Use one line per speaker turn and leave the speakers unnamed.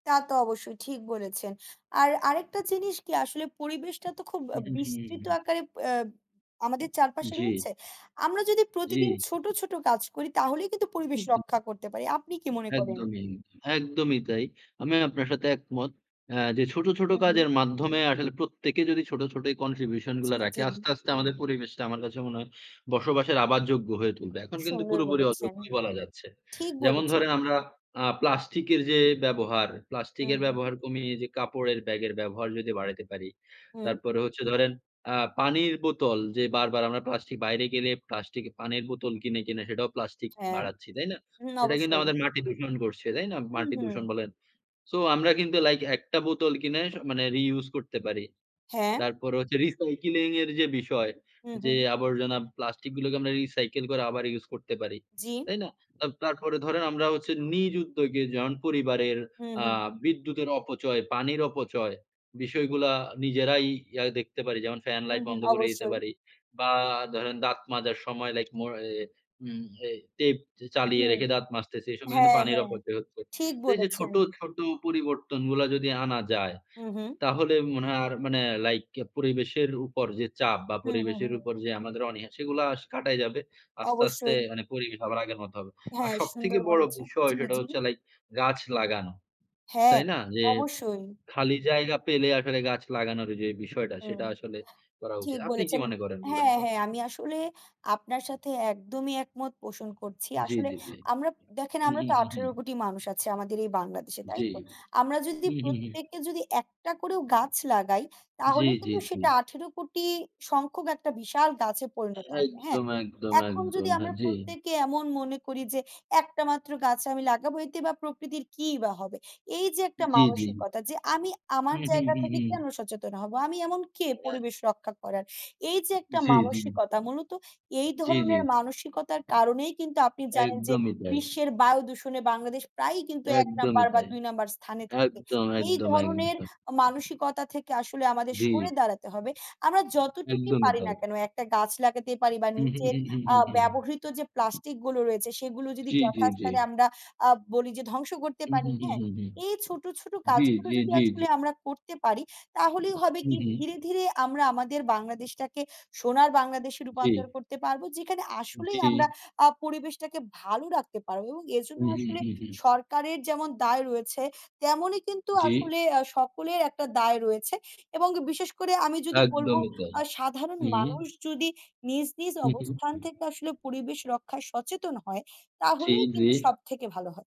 তা তো অবশ্যই, ঠিক বলেছেন আর আরেকটা জিনিস কি? আসলে পরিবেশটা তো খুব আ
উহু, হু,
বিস্তৃত
হু।
আকারে প্যাব আমাদের চারপাশে
জি।
রয়েছে। আমরা যদি প্রতিদিন
জি।
ছোট, ছোট কাজ করি তাহলেই কিন্তু
হু,
পরিবেশ
হু।
রক্ষা করতে পারি। আপনি কি মনে করেন?
একদমই, একদমই তাই। আমি আপনার সাথে একমত, অ্যা যে ছোট, ছোট
হু, হু।
কাজের মাধ্যমে আসলে প্রত্যেকে যদি ছোট, ছোট এই contribution
জি,
গুলা রাখে।
জি।
আস্তে, আস্তে আমাদের পরিবেশটা আমার কাছে মনে হয় বসবাসের আবার যোগ্য হয়ে তুলবে। এখন কিন্তু
সুন্দর
পুরোপুরি
বলেছেন,
অযোগ্যই বলা যাচ্ছে।
ঠিক
যেমন
বলেছেন।
ধরেন, আমরা আ প্লাস্টিক এর যে ব্যবহার,
হু,
প্লাস্টিকের
হু।
ব্যবহার কমিয়ে যে কাপড়ের ব্যাগের ব্যবহার যদি বাড়াইতে পারি।
হুম।
তারপরে হচ্ছে ধরেন আ পানির বোতল যে বারবার আমরা প্লাস্টিক বাইরে গেলে প্লাস্টিকে পানির বোতল কিনে, কিনে সেটাও প্লাস্টিক
হ্যাঁ,
বাড়াচ্ছি। তাই না?
ন
সেটা কিন্তু
অবশ্যই।
আমাদের মাটি দূষণ করছে। তাই না?
হু,
মাটি দূষণ
হু।
বলেন। সো আমরা কিন্তু লাইক একটা বোতল কিনে স মানে রিইউজ করতে পারি।
হ্যাঁ।
তারপরে হচ্ছে recycling এর যে বিষয়
হু, হু।
যে আবর্জনা, প্লাস্টিক গুলোকে আমরা recycle করে আবার ইউস করতে পারি।
জি।
তাই না? তাব তারপরে ধরেন আমরা হচ্ছে নিজ উদ্যোগে যেমন পরিবারের
হুম,
আ
হুম।
বিদ্যুতের অপচয়, পানির অপচয় বিষয়গুলা নিজেরাই ইয়া দেখতে পারি। যেমন, ফ্যান,
হুম,
লাইট
হুম,
বন্ধ করে দিতে
অবশ্যই।
পারি বা ধরেন দাঁত মাজার সময় লাইক মোর অ্যা উম এই টেপ চে চালিয়ে
হুম,
রেখে দাঁত মাজতেছি এই সময় কিন্তু
হ্যাঁ,
পানির
হ্যাঁ।
অপচয় হচ্ছে।
ঠিক
তো এই যে
বলেছেন।
ছোট, ছোট পরিবর্তনগুলা যদি আনা যায়,
মহুম।
তাহলে মনে হয় আর মানে লাইক অ্যা পরিবেশের উপর যে চাপ বা
হু, হু,
পরিবেশের
হু।
উপর যে আমাদের অনিহা সেগুলা আস কাটাই যাবে। আস্তে, আস্তে
অবশ্যই।
মানে পরিবেশ আবার আগের মত হবে। আর
হ্যাঁ,
সবথেকে
সুন্দর
বড়
বলেছে।
বিষয়
জি,
সেটা
জি।
হচ্ছে লাইক গাছ লাগানো।
হ্যাঁ,
তাই না? যে উম
অবশ্যই।
খালি জায়গা পেলে আসলে গাছ লাগানোর যে বিষয়টা
উম
সেটা আসলে করা উচিত।
ঠিক
আপনি কি
বলেছেন।
মনে করেন বলেন
হ্যাঁ,
তো?
হ্যাঁ। আমি আসলে আপনার সাথে একদমই একমত পোষণ করছি।
জি,
আসলে
জি, জি।
আমরা দেখেন
হু,
আমরা
হু,
তো
হু, হু।
১৮,০০,০০,০০০ মানুষ আছি আমাদের এই বাংলাদেশে
জি।
তাইতো? আমরা যদি
হু, হু, হু।
প্রত্যেকে যদি একটা করেও গাছ লাগাই
জি,
তাহলে
জি,
কিন্তু
জি।
সেটা ১৮,০০,০০,০০০ সংখ্যক একটা বিশাল গাছে পরিণত হবে। হ্যাঁ,
একদম, একদম,
এখন যদি
একদম। হ্যাঁ,
আমরা
জি।
প্রত্যেকে এমন মনে করি যে, "একটা মাত্র গাছ আমি লাগাবো এতে বা প্রকৃতির কি বা হবে?" এই যে একটা
জি, জি।
মানসিকতা যে আমি আমার
হুম, হুম,
জায়গা
হুম,
থেকে
হুম।
কেন সচেতন হব? আমি এমন কে
[unintelligible]
পরিবেশ রক্ষা করার? এই যে একটা
জি, জি।
মানসিকতা, মূলত এই
জি, জি।
ধরনের মানসিকতার কারণেই কিন্তু আপনি জানেন যে
একদমই তাই।
বিশ্বের বায়ুদূষণে বাংলাদেশ প্রায়ই কিন্তু ১ নম্বর
একদমই
বা
তাই।
২ নম্বর স্থানে থাকে।
একদম,
এই
একদম,
ধরণের
একদম।
আ মানসিকতা থেকে আসলে আমাদের সরে
জি।
দাঁড়াতে হবে। আমরা যতটুকুই
একদমই
পারি
তাই।
না কেন একটা গাছ লাগাতে পারি বা
হু, হু,
নিজের
হু,
আ
হু, হু, হু।
ব্যবহৃত যে প্লাস্টিক গুলো রয়েছে সেগুলো যদি
জি, জি, জি।
যথাস্থানে আমরা আ বলি যে ধ্বংস করতে
হু,
পারি।
হু, হু,
হ্যাঁ?
হু, হু।
এই ছোট, ছোট
জি,
কাজগুলো
জি,
যদি
জি, জি।
আসলে আমরা করতে পারি তাহলেই হবে
হু,
কি
হু।
ধীরে, ধীরে আমরা আমাদের বাংলাদেশটাকে সোনার বাংলাদেশে রূপান্তর
জি।
করতে পারবো। যেখানে আসলেই আমরা
জি।
আ পরিবেশটাকে ভালো রাখতে পারবো এবং
হু,
এরজন্য
হু,
আসলে
হু, হু।
সরকারের যেমন দায় রয়েছে তেমনই কিন্তু
জি।
আসলে আ সকলের একটা দায় রয়েছে এবং বিশেষ করে আমি যদি বলবো
একদমই তাই।
আ সাধারণ
হু, হু।
মানুষ যদি নিজ, নিজ
হু, হু,
অবস্থান
হু।
থেকে আসলে পরিবেশ রক্ষায় সচেতন হয়,
জি,
তাহলেই
জি।
কিন্তু সবথেকে ভালো হয়।